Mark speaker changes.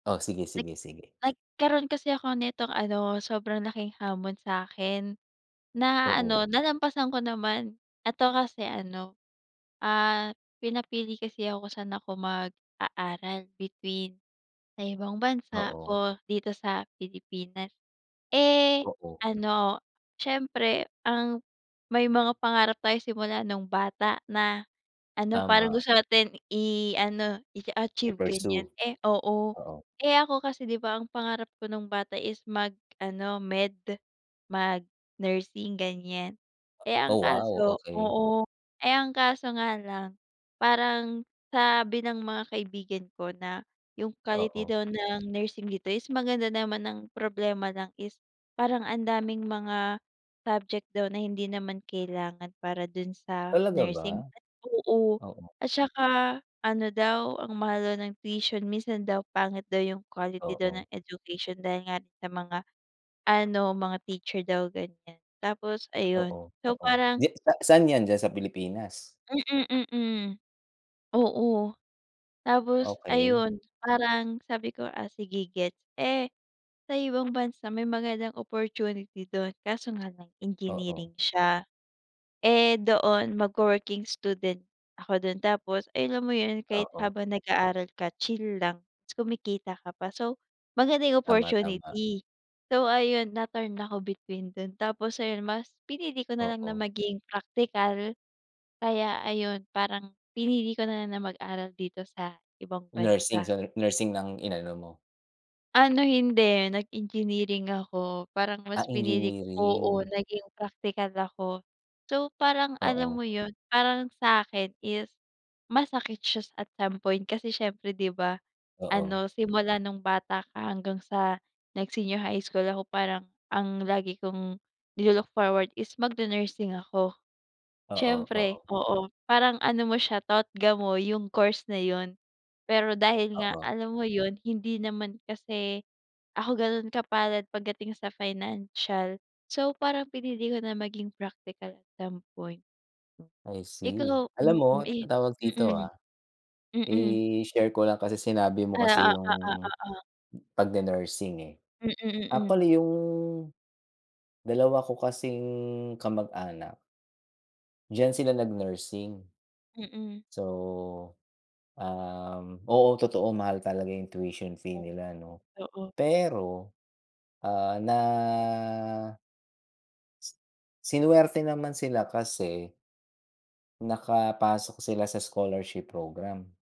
Speaker 1: Oh, sige,
Speaker 2: Nag
Speaker 1: sige, sige.
Speaker 2: Nagkaroon kasi ako nitong ano, sobrang laking hamon sa'kin. Na, ano
Speaker 1: Oo.
Speaker 2: nalampasan ko naman, eto kasi ano, ah, pinapili kasi ako sa'n ako mag-aaral between, sa ibang bansa
Speaker 1: Oo.
Speaker 2: o dito sa Pilipinas. Eh,
Speaker 1: Oo.
Speaker 2: ano, siyempre ang may mga pangarap tayo simula nung bata na ano parang
Speaker 1: Tama.
Speaker 2: gusto natin i-ano, i-achieve ganyan.
Speaker 1: I-pursue,
Speaker 2: Eh oo,
Speaker 1: oo.
Speaker 2: eh ako kasi 'di ba, ang pangarap ko nung bata is mag ano, med mag nursing ganyan. Eh, ang
Speaker 1: Oh wow,
Speaker 2: kaso,
Speaker 1: okey.
Speaker 2: oo, eh, ang kaso nga lang, parang sabi ng mga kaibigan ko na yung quality
Speaker 1: Oo.
Speaker 2: daw ng nursing dito is maganda naman ang problema lang is parang ang daming mga subject daw na hindi naman kailangan para dun sa
Speaker 1: Talaga ba?
Speaker 2: nursing. Oo,
Speaker 1: Oo.
Speaker 2: at 'tsaka ano daw, ang mahal daw ng tuition, minsan daw pangit daw yung quality daw
Speaker 1: Oo.
Speaker 2: ng education dahil nga rin sa mga, ano, mga teacher daw, ganyan. Tapos ayun.
Speaker 1: Oo,
Speaker 2: So
Speaker 1: oo.
Speaker 2: parang.
Speaker 1: Diya sa saan yan, diyan sa Pilipinas?
Speaker 2: Mhm, mhm, oo. Tapos,
Speaker 1: Okay.
Speaker 2: ayun, parang sabi ko "ah, sige gets." Eh, sa ibang bansa may magandang opportunity 'dun. Kaso nga lang
Speaker 1: Oo.
Speaker 2: engineering siya. Eh, doon mag-wo-working student ako 'dun, tapos, eh, alam mo 'yun, kahit
Speaker 1: Oo.
Speaker 2: habang nag-aaral ka chill lang 'tas kumikita ka pa. So, maganda yung
Speaker 1: Tama, tama.
Speaker 2: opportunity. So, ayun na torn ako between dun. Tapos, ayun mas pinili ko nalang na
Speaker 1: Oo.
Speaker 2: maging praktikal, kaya ayun parang, pinili ko nalang na mag-aral dito sa ibang
Speaker 1: Nursing,
Speaker 2: bansa.
Speaker 1: sa nursing nang inano mo.
Speaker 2: Ano, hindi, nag engineering ako, parang
Speaker 1: Ah,
Speaker 2: mas pinili ko, oo,
Speaker 1: engineering.
Speaker 2: naging praktikal ako. So, parang alam
Speaker 1: Oo.
Speaker 2: mo 'yun, parang sa'kin is masakit siya at some point, kasi, siyempre 'di ba,
Speaker 1: Oo.
Speaker 2: ano simula nung bata ka hanggang sa nag senior high school ako parang ang lagi kong ni-lu-look forward is mag nu-nursing ako.
Speaker 1: Oo,
Speaker 2: Siyempre,
Speaker 1: oo.
Speaker 2: oo, parang ano mo siya, totga mo, yung course na 'yun. Pero, dahil nga
Speaker 1: Oo.
Speaker 2: alam mo 'yun hindi naman kasi ako gano'n kapalad pagdating sa financial, so, parang pinili ko na maging praktikal at some point.
Speaker 1: I see.
Speaker 2: Ikaw,
Speaker 1: Alam mo,
Speaker 2: mhm, eh,
Speaker 1: tawag
Speaker 2: mhm.
Speaker 1: dito ah,
Speaker 2: Mhm.
Speaker 1: i-share ko lang, kasi, sinabi mo
Speaker 2: Ah,
Speaker 1: kasi
Speaker 2: oh,
Speaker 1: yung
Speaker 2: oo, oo.
Speaker 1: "pag ne-nursing" eh.
Speaker 2: Mhm, mhm.
Speaker 1: Actually yung dalawa ko kasing kamag-anak. Diyan sila nag nursing.
Speaker 2: Mhm.
Speaker 1: So, um, oo, totoo mahal talaga yung tuition fee nila 'no.
Speaker 2: Oo.
Speaker 1: Pero, ah, na. Si sinuwerte naman sila kasi. Nakapasok sila sa scholarship program.